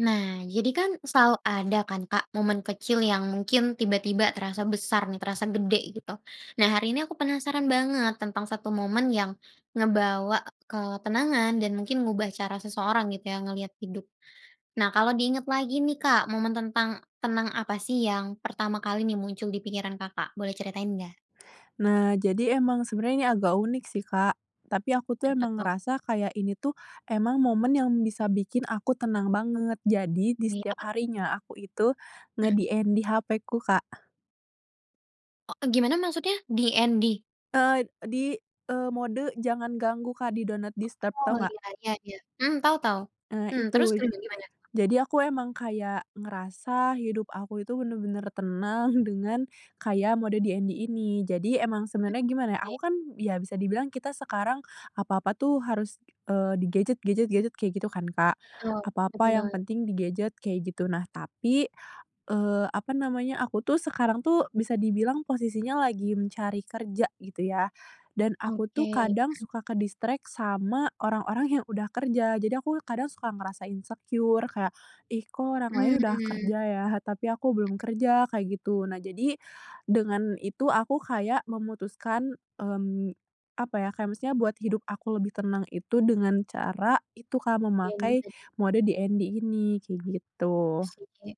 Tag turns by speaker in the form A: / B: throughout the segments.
A: Nah, jadi kan, selalu ada kan, Kak, momen kecil yang mungkin tiba-tiba terasa besar nih, terasa gede, gitu. Nah, hari ini aku penasaran banget tentang 1 momen yang ngebawa ketenangan dan mungkin ngubah cara seseorang, gitu ya, ngelihat hidup. Nah, kalau di ingat lagi nih, Kak, momen tentang tenang apa sih yang pertama kali nih muncul di pikiran Kakak, boleh ceritain nggak?
B: Nah, jadi emang sebenarnya ini agak unik sih, Kak. Tapi aku tuh emang
A: [unintelligible]
B: ngerasa kayak, ini tuh emang momen yang bisa bikin aku tenang banget. Jadi, di
A: Wih,
B: setiap
A: apa tu
B: harinya aku itu
A: Mhm.
B: nge-DND HP-ku, Kak.
A: Oh, gimana maksudnya? DND?
B: Eee, di, eee, mode jangan ganggu, Kak, di do not disturb,
A: Oh.
B: tau nggak?
A: Ya ya ya, mhm, tau tau.
B: Eee,
A: Mhm, terus,
B: itu
A: lanjut, gimana, tuh?
B: jadi, aku emang kayak ngerasa hidup aku itu bener-bener tenang, dengan kayak mode DND ini. Jadi emang
A: Hmm,
B: sebenarnya gimana ya, aku
A: baik.
B: kan ya bisa dibilang kita sekarang apa-apa tuh harus, eee, di gadget gadget gadget kayak gitu kan, Kak.
A: Betul betul
B: Apa-apa yang
A: banget.
B: penting di gadget, kayak gitu. Nah, tapi, eee, apa namanya, aku tuh sekarang tuh, bisa dibilang posisinya lagi mencari kerja, gitu ya. Dan aku tuh
A: Oke.
B: kadang,
A: Mhm.
B: suka ke-distract sama orang-orang yang udah kerja. Jadi aku kadang suka ngerasa insecure kayak, "Ih, kok orang lain udah
A: Mmm.
B: kerja ya, tapi aku belum kerja", kayak gitu. Nah, jadi dengan itu, aku kayak memutuskan, mmm, apa ya, kayak misalnya buat hidup aku lebih tenang itu dengan cara itu, Kak,
A: Iya,
B: memakai
A: bisa sih.
B: mode DND ini, kayak gitu.
A: Iya, sih.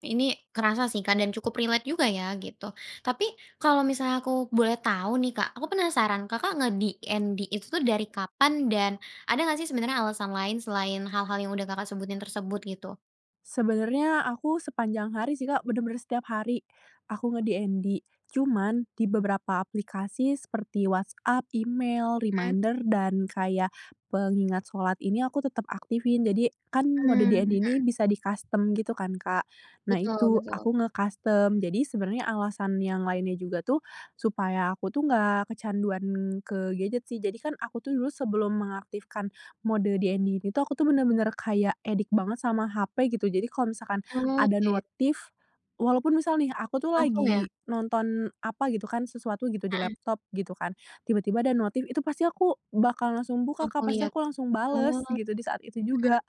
A: Ini kerasa sih, Kak, dan cukup relate juga ya, gitu. Tapi kalau misalnya aku boleh tahu nih, Kak, aku penasaran Kakak nge-DND itu tuh dari kapan dan ada enggak sih sebenarnya alasan lain selain hal-hal yang udah Kakak sebutin tersebut, gitu?
B: Sebenarnya aku sepanjang hari sih, Kak, bener-bener setiap hari. Aku nge-DND cuman di beberapa aplikasi seperti WhatsApp, email,
A: Mmm.
B: reminder, dan kayak pengingat shalat ini aku tetap aktifin. Jadi kan mode
A: Mmm,
B: DND ini
A: mhm.
B: bisa di-custom gitu kan, Kak. Nah,
A: Betul
B: itu,
A: betul.
B: aku nge-custom. Jadi sebenarnya alasan yang lainnya juga tuh, supaya aku tuh nggak kecanduan ke gadget sih. Jadi kan, aku tuh dulu sebelum mengaktifkan mode DND ini tuh, aku tuh bener-bener kayak addict banget sama HP, gitu. Jadi kalau misalkan
A: Oh,
B: ada
A: iya.
B: notif walaupun misal nih, aku tuh
A: Langsung, ya?
B: lagi nonton apa gitu kan, sesuatu gitu di
A: Mhm.
B: laptop, gitu kan, tiba-tiba ada notif, itu pasti aku bakal langsung buka, Kak,
A: Langsung
B: pasti
A: liat?
B: aku langsung
A: Oh.
B: bales gitu, di saat itu juga.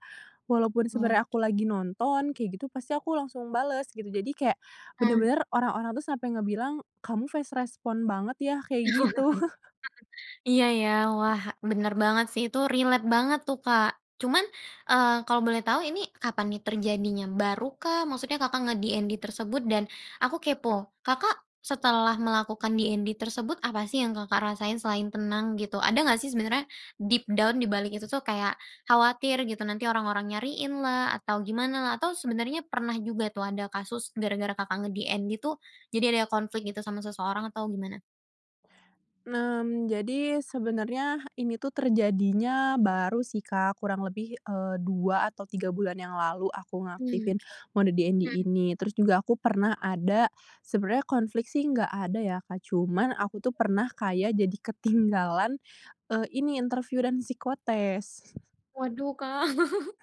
B: Walaupun
A: Mhm.
B: sebenernya aku
A: Oke.
B: lagi nonton, kayak gitu, pasti aku langsung bales, gitu. Jadi kayak
A: Mhm.
B: bener-bener orang-orang tuh sampe ngebilang, "Kamu fast respond banget, ya," kayak gitu.
A: Iya, ya. Wah, bener banget sih, itu relate banget tuh, Kak. Cuman, eee, kalau boleh tau, ini kapan nih terjadinya, baru kah? Maksudnya Kakak nge-DND tersebut dan aku kepo, Kakak setelah melakukan DND tersebut, apa sih yang Kakak rasain selain tenang, gitu? Ada gak sih sebenarnya deep down dibalik itu kayak khawatir gitu, nanti orang-orang nyariin lah, atau gimana lah, atau sebenarnya pernah juga tuh, ada kasus gara-gara Kakak nge-DND tuh, jadi ada konflik gitu sama seseorang atau gimana?
B: Nah mmm, jadi sebenernya, ini tuh terjadinya baru sih, Kak, kurang lebih, eee, 2 atau 3 bulan yang lalu aku
A: Hmm,
B: ngaktifin
A: oke.
B: mode DND
A: Mhm.
B: ini. Terus juga aku pernah ada sebenarnya konflik sih nggak ada ya, Kak, cuman aku tuh pernah kayak jadi ketinggalan, eee, ini interview dan psikotes.
A: Waduh, Kak.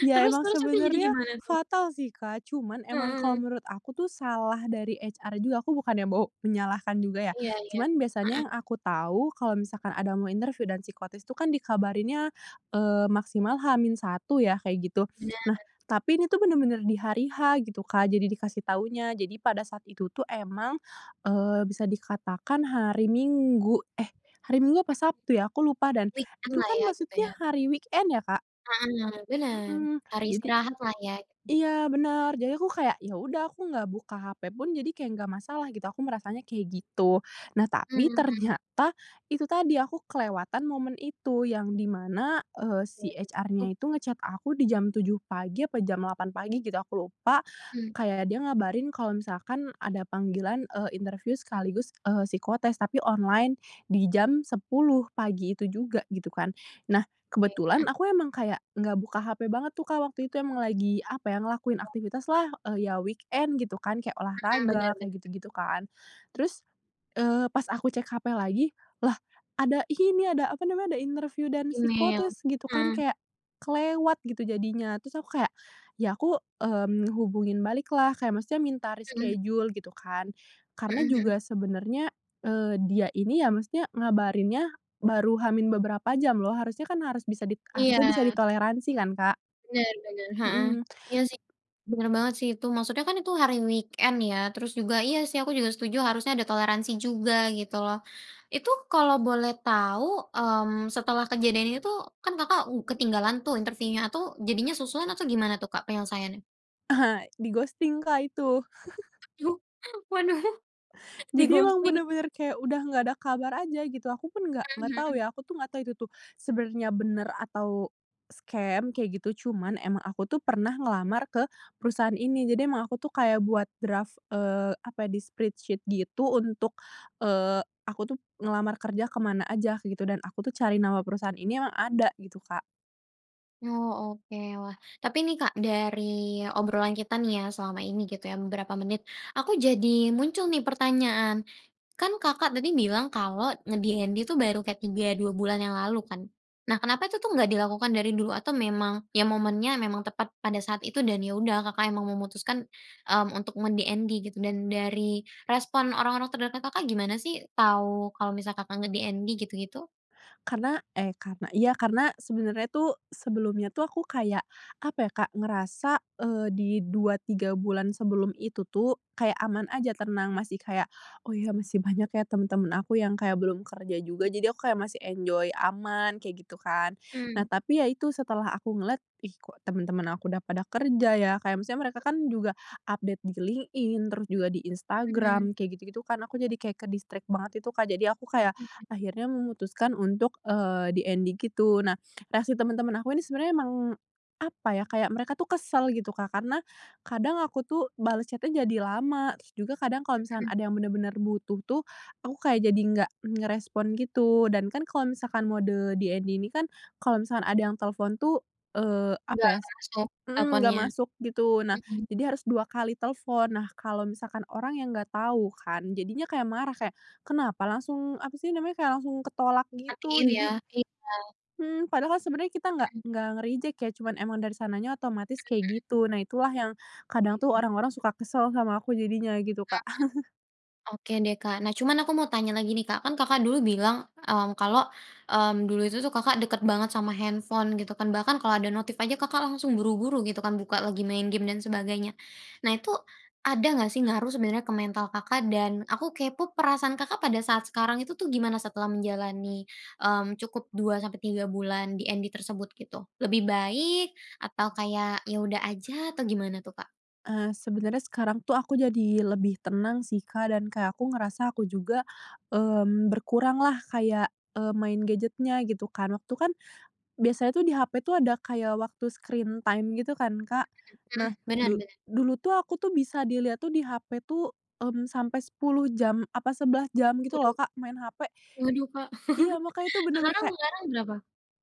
B: Ya,
A: Terus
B: emang
A: terus terus, jadi
B: sebenarnya
A: gimana, tuh?
B: fatal sih, Kak, cuman emang kalau
A: Heeh.
B: menurut aku tuh, salah dari HR juga. Aku bukannya mau menyalahkan juga ya,
A: Iya iya.
B: cuman
A: Heeh.
B: biasanya yang aku tahu, kalau misalkan ada mau interview dan psikotes itu kan dikabarinnya, eee, maksimal H-1 ya, kayak gitu. Nah,
A: Bener.
B: tapi ini tuh bener-bener di hari H gitu, Kak, jadi dikasih tahunya, jadi pada saat itu tuh emang, eee, bisa dikatakan hari Minggu, eh, hari Minggu apa Sabtu ya, aku lupa. Dan
A: Weekend
B: itu
A: lah
B: kan
A: ya, gitu,
B: maksudnya
A: ya.
B: hari weekend ya, Kak.
A: Heeh heeh, bener,
B: Mhm,
A: hari
B: jadi
A: istirahat lah, ya.
B: iya, bener, jadi aku kayak, ya udah aku nggak buka HP pun jadi kayak nggak masalah gitu, aku merasanya kayak gitu. Nah, tapi
A: Mmm.
B: ternyata, itu tadi, aku kelewatan momen itu. Yang di mana, eee,
A: Ya,
B: si
A: betul.
B: HR-nya itu nge-chat aku di jam 7 pagi apa jam 8 pagi gitu, aku lupa.
A: Mmm.
B: Kayak dia ngabarin kalau misalkan ada panggilan, eee, interview sekaligus, eee, psikotes tapi online di jam 10, pagi itu juga, gitu kan. Nah,
A: Oke,
B: kebetulan,
A: mhm.
B: aku emang kayak nggak buka hp banget tuh, Kak, waktu itu. Emang lagi apa ya, ngelakuin
A: Ya.
B: aktivitas lah, eee, ya weekend gitu kan. Kayak
A: Heeh.
B: olahraga,
A: Bener
B: kayak
A: bener.
B: gitu-gitu kan. Terus, eee, pas aku cek HP lagi, lah ada ini ada apa namanya, ada interviu dan
A: Email.
B: psikotes, gitu kan,
A: Mhm.
B: kayak kelewat gitu jadinya. Terus aku kayak,
A: Iya.
B: ya aku, mmm, hubungin balik lah, kayak maksudnya minta
A: Mhm.
B: reschedule gitu kan,
A: Mhm
B: karena
A: mhm.
B: juga sebenarnya, eee, dia ini ya maksudnya ngabarinnya baru H min beberapa jam loh, harusnya kan harus bisa di
A: Iya.
B: harusnya bisa ditoleransi kan, Kak.
A: Bener, bener. Heeh.
B: Mhm.
A: Iya sih, bener banget sih itu, maksudnya kan itu hari weekend ya, terus juga, iya sih, aku juga setuju, harusnya ada toleransi juga, gitu loh. Itu kalau boleh tau, mmm, setelah kejadian ini tuh, kan Kakak ng ketinggalan tuh interview-nya atau jadinya susulan, atau gimana tuh, Kak, penyelesaiannya?
B: di-ghosting, Kak, itu.
A: Duh, waduh
B: Jadi emang
A: di-ghosting.
B: bener-bener kayak udah enggak ada kabar aja, gitu. Aku pun enggak enggak
A: Mhm
B: tahu,
A: mhm.
B: ya, aku itu tuh sebenarnya bener atau scam, kaya gitu, cuman emang aku tuh pernah ngelamar ke perusahaan ini, jadi emang aku tuh kayak buat draft, eee, apa ya, di Spreadsheet, gitu, untuk, eee, aku tuh ngelamar kerja ke mana aja, gitu, dan aku tuh cari nama perusahaan ini emang ada, gitu, Kak.
A: Oh, oke, wah. Tapi ini, Kak, dari obrolan kita selama ini, gitu, ya, beberapa menit, aku jadi muncul nih pertanyaan. Kan Kakak tadi bilang kalau nge-DND itu baru kayak 3, 2 bulan yang lalu, kan? Nah, kenapa itu tuh gak dilakukan dari dulu, atau memang, ya momennya memang tepat pada saat itu dan, ya udah, Kakak memutuskan, mmm, untuk nge-DND, gitu dan dari respon orang-orang terdekat Kakak gimana, sih, tahu kalau misalkan Kakak nge-DND, gitu gitu?
B: Karena, eh, karena iya, karena sebenarnya tuh sebelumnya tuh aku kayak apa, ya, Kak, ngerasa, eee, di 2,3 bulan sebelum itu tuh kayak aman aja, tenang, masih kayak, "Oh, ya, masih banyak, ya, teman-teman aku yang kayak belum kerja juga,"
A: Mhm.
B: jadi aku kayak masih enjoy, aman, kayak gitu kan. Nah,
A: Mmm.
B: tapi yaitu setelah aku ngeliat, "Ih, kok teman-teman aku udah pada kerja, ya." Kayak maksudnya mereka kan juga update di LinkedIn, terus juga di
A: Mhm.
B: Instagram, kayak gitu gitu kan, aku jadi kayak ke-distract banget itu, Kak, jadi aku kayak
A: Oke.
B: akhirnya memutuskan untuk, eee, DND gitu. Nah, reaksi teman-teman aku ini sebenarnya emang apa ya, kayak mereka tuh kesel, gitu, Kak, karena kadang aku tuh bales chat-nya jadi lama, terus juga kadang kalau misalkan
A: Mhm.
B: ada yang bener-bener butuh tuh, aku kayak jadi enggak ngerespon, gitu, dan kan kalau misalkan mode DND ini kan kalau misalkan ada yang telepon tuh, eee, apa
A: Enggak
B: ya, s
A: masuk
B: heeh, enggak
A: teleponnya?
B: masuk, gitu. Nah
A: Mhm.
B: jadi harus 2 kali telepon. Nah, kalau misalkan orang yang enggak tahu kan, jadinya kayak marah, kayak, "Kenapa langsung apa sih namanya kayak langsung ketolak," gitu.
A: Matiin, ya?
B: Jadi
A: Iya.
B: Hmm, padahal sebenarnya kita enggak
A: Hmm.
B: enggak nge-reject, ya, cuman emang dari sananya otomatis
A: Mhm
B: kayak
A: mhm.
B: gitu. Nah, itulah yang kadang tuh
A: Oke.
B: orang-orang suka kesel sama aku jadinya, gitu,
A: Heeh
B: Kak.
A: heeh. Oke deh, Kak, nah cuman aku mau tanya lagi, nih, Kak, kan Kakak dulu bilang, mmm, kalau, mmm, dulu itu Kakak dekat banget sama handphone, gitu kan, bahkan kalau ada notif aja Kakak langsung buru-buru, gitu kan, buka lagi, main game dan sebagainya. Nah, itu ada nggak, sih, ngaruh sebenernya ke mental Kakak, dan aku kepo perasaan Kakak pada saat sekarang itu tuh gimana setelah menjalani, mmm, cukup 2 sampai 3 bulan DND tersebut, gitu? Lebih baik atau kayak, ya udah aja atau gimana, tuh, Kak?
B: Eee, sebenarnya sekarang tuh aku jadi lebih tenang, sih, Kak, dan kayak aku ngerasa aku juga, mmm, berkurang lah, kayak, eee, main gadget-nya, gitu kan. Waktu kan biasanya tuh di HP tuh ada kayak waktu screen time, gitu kan, Kak.
A: Mhm
B: Nah,
A: mhm. Benar
B: du
A: benar.
B: dulu tuh, aku tuh, bisa dilihat tuh, di HP tuh, hmm sampai 10 jam, apa 11 jam, gitu loh,
A: Waduh.
B: Kak, main HP.
A: Waduh, Kak.
B: Iya, makanya tuh bener-bener
A: Sekarang
B: kayak
A: sekarang berapa?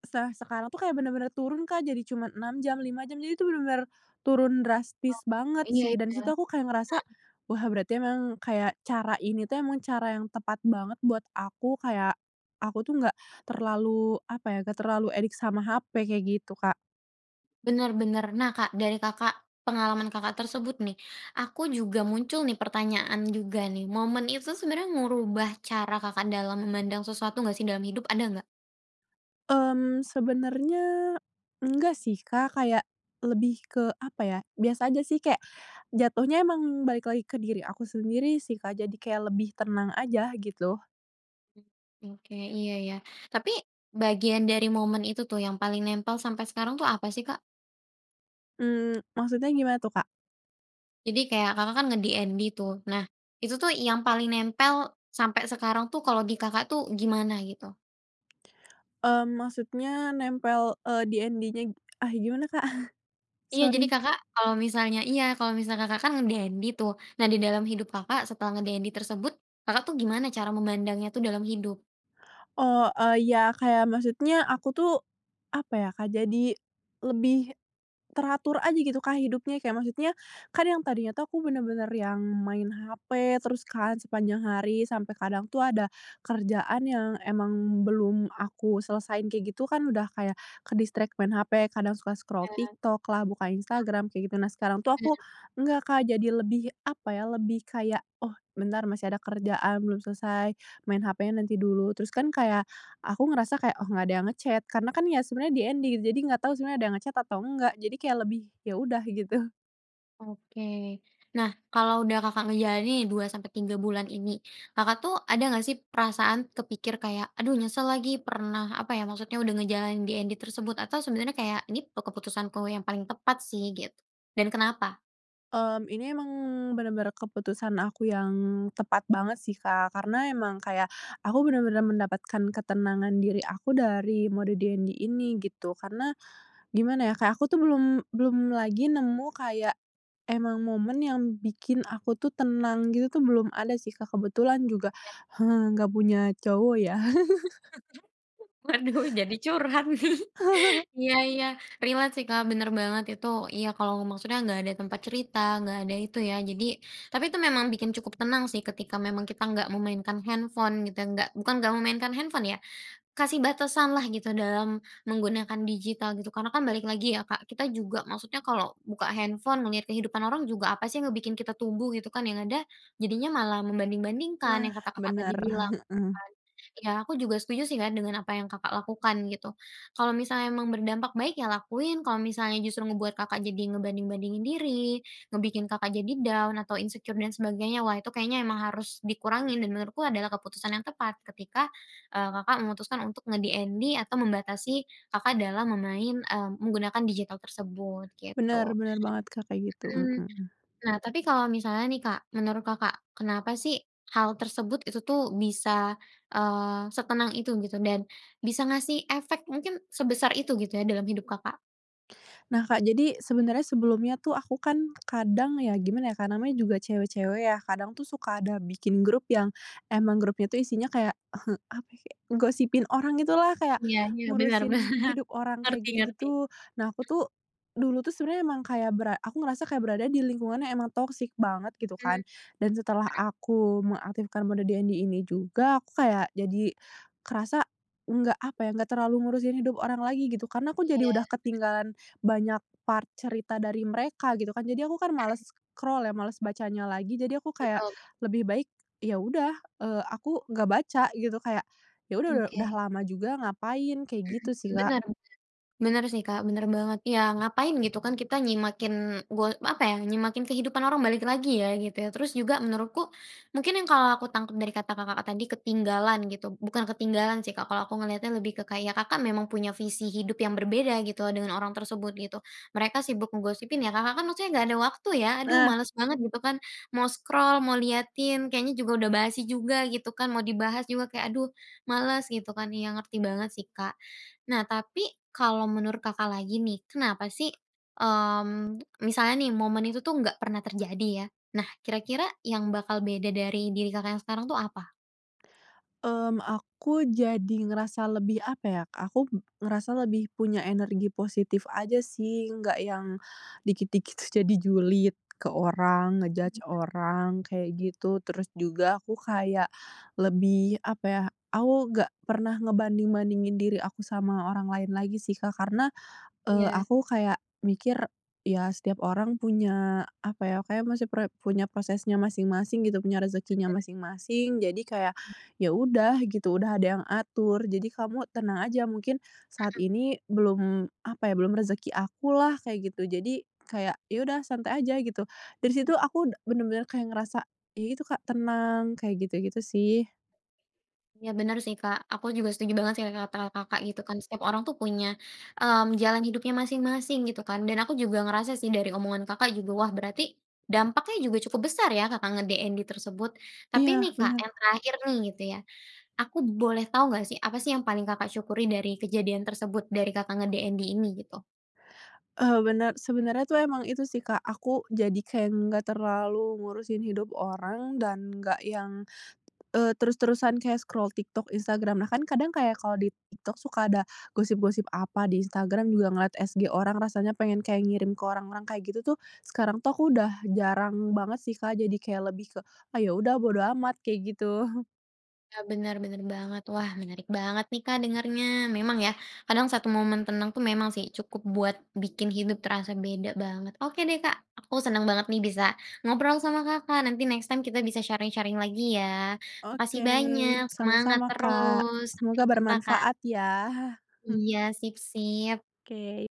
B: Setelah sekarang aku kayak bener-bener turun, Kak, jadi cuma 6 jam, 5 jam, jadi tuh bener-bener turun
A: Oh,
B: drastis banget,
A: iya
B: sih, dan di
A: iya.
B: situ aku kayak ngerasa,
A: Heeh.
B: "Wah, berarti emang kayak cara ini tuh, emang cara yang tepat banget buat aku, kayak aku tuh enggak terlalu apa ya, enggak terlalu addict sama HP," kayak gitu, Kak.
A: Benar-benar. Nah, Kak, dari Kakak pengalaman Kakak tersebut nih, aku juga muncul nih, pertanyaan juga, nih. Momen itu sebenarnya ngerubah cara Kakak dalam memandang sesuatu, nggak sih, dalam hidup? Ada enggak?
B: Mmm, sebenarnya enggak sih, Kak, kayak lebih ke apa ya, biasa aja sih, kayak jatuhnya emang balik lagi ke diri aku sendiri sih, Kak, jadi kayak lebih tenang aja, gitu.
A: Mhm, oke, iya ya. Tapi bagian dari momen itu tuh yang paling nempel sampai sekarang itu apa sih, Kak?
B: Mmm, maksudnya gimana, tuh, Kak?
A: Jadi kayak Kakak, kan, nge-DND, tuh. Nah, itu tuh, yang paling nempel sampai sekarang, tuh, kalo di Kakak, tuh, gimana gitu?
B: Eee, maksudnya nempel, eee, DND-nya, ah, gimana, Kak?
A: Iya, jadi
B: Sorry.
A: Kakak kalo misalnya iya, kalo misalnya Kakak, kan, nge-DND, tuh. Nah, di dalam hidup Kakak setelah nge-DND tersebut, Kakak, tuh, gimana cara memandangnya, tuh, dalam hidup?
B: Oh, eee, iya kayak maksudnya aku tuh apa ya, Kak, jadi lebih teratur aja gitu, Kak, hidupnya. Kayak maksudnya, kan yang tadinya tuh aku bener-bener yang main HP terus kan sepanjang hari, sampai kadang tuh ada kerjaan yang emang belum aku selesaiin kayak gitu kan, udah kayak ke-distract main HP, kadang suka scroll
A: Iya.
B: TikTok lah, buka Instagram, kayak gitu. Nah, sekarang tuh
A: Mhm.
B: aku
A: Ya.
B: enggak, Kak, jadi lebih apa ya, lebih kayak, "Oh, bentar masih ada kerjaan belum selesai, main HP-nya nanti dulu." Terus kan kayak aku ngerasa kayak, "Oh, nggak ada yang nge-chat." karena kan ya, sebenarnya DND gitu, jadi enggak tahu sebenarnya ada yang nge-chat atau enggak. Jadi kayak lebih, "Ya, udah gitu."
A: Oke. Nah, kalau udah Kakak ngejalanin 2 sampai 3 bulan ini. Kakak, tuh, ada gak, sih, perasaan kepikir kayak, "Aduh, nyesel lagi pernah" apa, ya, maksudnya udah ngejalanin DND tersebut, atau sebenarnya kayak, "Ini pe keputusanku yang paling tepat, sih." gitu dan kenapa?
B: Mmm, ini emang bener-bener keputusan aku yang tepat banget sih, Kak, karena emang kayak, aku bener-bener mendapatkan ketenangan diri aku dari mode DND ini, gitu. Karena gimana ya, kayak aku tuh belum belum lagi nemu kayak, emang momen yang bikin aku tuh tenang, gitu tuh belum ada sih Kak, kebetulan
A: Oh.
B: juga,
A: Iya, sih.
B: nggak punya cowok, ya.
A: Waduh, jadi curhat, nih. Iya iya, relate, sih, Kak, bener banget itu. Iya, kalau maksudnya nggak ada tempat cerita, nggak ada itu, ya. Jadi tapi itu memang bikin cukup tenang, sih, ketika memang kita nggak memainkan handphone, kita nggak bukan nggak memainkan handphone, ya. Kasih batasanlah gitu dalam menggunakan digital gitu, karena kan balik lagi ya, Kak, kita juga maksudnya, kalau buka handphone ngelihat kehidupan orang juga apa, sih, yang ngebikin kita tumbuh, gitu, kan, yang ada jadinya malah membanding-bandingkan yang
B: Nah,
A: kata Kakak tadi
B: bener,
A: bilang, gitu,
B: heeh.
A: kan. Ya, aku juga setuju, sih, Kak, dengan apa yang Kakak lakukan gitu. Kalau misalnya emang berdampak baik, ya, lakuin, kalau misalnya justru ngebuat Kakak jadi ngebanding-bandingin diri, ngebikin Kakak jadi down atau insecure dan sebagainya. Wah, itu kayaknya emang harus dikurangin dan menurutku adalah keputusan yang tepat ketika, eee, Kakak memutuskan untuk nge-DND atau membatasi Kakak dalam memain eee, menggunakan digital tersebut,
B: Bener
A: gitu.
B: bener banget, Kak, kayak gitu,
A: Mhm.
B: mhm.
A: Nah, tapi kalau misalnya, nih, Kak. Menurut Kakak, kenapa, sih, hal tersebut itu, tuh, bisa, eee, setenang itu gitu, dan bisa ngasih efek, mungkin sebesar itu gitu, ya, dalam hidup Kakak?
B: Nah, Kak, jadi sebenarnya sebelumnya tuh aku kan kadang ya gimana ya Kak, namanya juga cewek-cewek, ya. Kadang tuh suka ada bikin grup yang emang grupnya tuh isinya kayak apa kayak, gosipin orang gitulah, kayak
A: Iya iya, bener bener, ngerti
B: ngurusin hidup orang kayak gitu-gitu. Nah,
A: ngerti.
B: aku
A: Heeh?
B: tuh, dulu tuh sebenarnya emang kayak bera aku ngerasa kayak berada di lingkungan yang emang toxic banget gitu
A: Mmm,
B: kan
A: mhm.
B: dan setelah aku mengaktifkan mode DND ini juga, aku kayak jadi kerasa, nggak apa ya, nggak terlalu ngurusin hidup orang lagi gitu, karena aku
A: Iya.
B: jadi udah
A: Mhm.
B: ketinggalan banyak part cerita dari mereka, gitu, kan. Jadi aku kan males
A: Mmm.
B: scroll, ya, males bacanya lagi, jadi aku kayak
A: Betul.
B: lebih baik ya udah, eee, aku nggak baca gitu. Kayak ya udah, u udah
A: Oke.
B: lama juga ngapain kayak
A: Mmm.
B: gitu sih, Kak.
A: Benar benar. Benar sih, Kak, bener banget. Ya, ngapain gitu, kan, kita nyimakin go apa, ya, nyimakin kehidupan orang, balik lagi, ya, gitu, ya. Terus juga, menurutku mungkin yang kalau aku tangkap dari kata Kakak tadi ketinggalan gitu bukan ketinggalan sih, Kak, kalau aku ngelihatnya lebih ke kayak, Kakak memang punya visi hidup yang berbeda gitu dengan orang tersebut gitu. Mereka sibuk ngegosipin, ya, Kakak, kan, maksudnya nggak ada waktu, ya, "Aduh,
B: Nah
A: males banget," gitu, kan. Mau scroll, mau liatin, kayaknya juga udah basi juga, gitu kan, mau dibahas juga kayak, "Aduh males," gitu, kan. Iya, ngerti banget sih, Kak. Nah, tapi, kalau menurut Kakak lagi, nih. Kenapa sih, mmm, misalnya nih, momen itu tuh, nggak pernah terjadi, ya. Nah, kira-kira yang bakal beda dari diri Kakak yang sekarang tuh apa?
B: Mmm, aku jadi ngerasa lebih apa ya, aku ngerasa lebih punya energi positif aja sih, enggak yang dikit-dikit tuh, jadi julid ke orang, nge-judge
A: Bener.
B: orang kayak gitu. Terus juga aku kayak lebih apa ya aku enggak pernah ngebanding-bandingin diri aku sama orang lain lagi sih, Kak, karena, eee,
A: Iya.
B: aku kayak mikir, "Ya, setiap orang punya apa ya, kayak masih pre punya prosesnya masing-masing," gitu, "punya rezekinya
A: [unintelligible]
B: masing-masing." Jadi kayak, "Ya, udah gitu, udah ada yang atur. Jadi kamu tenang aja, mungkin saat
A: Mhm.
B: ini belum apa ya, belum rezeki akulah." Kayak gitu. Jadi, kayak ya udah, santai aja gitu. Dari situ, aku da udah bener-bener kayak ngerasa ya itu, Kak, tenang kayak gitu-gitu, sih.
A: Iya, bener sih, Kak. Aku juga setuju banget sih, kayak kata Kakak gitu, kan. Setiap orang tuh punya, mmm, jalan hidupnya masing-masing gitu kan, dan aku juga ngerasa sih, dari omongan Kakak juga. Wah, berarti dampaknya juga cukup besar ya, Kakak nge-DND tersebut. Tapi
B: Iya,
A: nih, Kak,
B: bener.
A: yang terakhir nih gitu ya. Aku boleh tau nggak sih, apa sih yang paling Kakak syukuri dari kejadian tersebut dari Kakak nge-DND ini, gitu?
B: Eee, bener, sebenarnya tuh emang itu sih, Kak. Aku jadi kayak enggak terlalu ngurusin hidup orang dan enggak yang, eee, terus-terusan kayak scroll TikTok, Instagram. Bahkan kadang kayak kalau di TikTok suka ada gosip-gosip apa, di Instagram juga ngeliat SG orang rasanya pengen kayak ngirim ke orang-orang kayak gitu, tuh. Sekarang tuh, aku udah jarang banget sih, Kak, jadi kayak lebih ke, "Ah, ya, udah bodo amat," kayak gitu.
A: Ah, bener bener banget. Wah, menarik banget nih, Kak, dengarnya. Memang ya, kadang satu momen tenang tuh memang sih, cukup buat bikin hidup terasa beda banget. Oke, deh, Kak, aku seneng banget nih bisa ngobrol sama Kakak, nanti next time kita bisa sharing-sharing lagi, ya. Makasih
B: Oke,
A: banyak, semangat
B: sama-sama, Kak.
A: terus. Sampai
B: Semoga
A: jumpa, Kak.
B: bermanfaat, ya. Hmm.
A: Iya, sip sip.
B: Oke.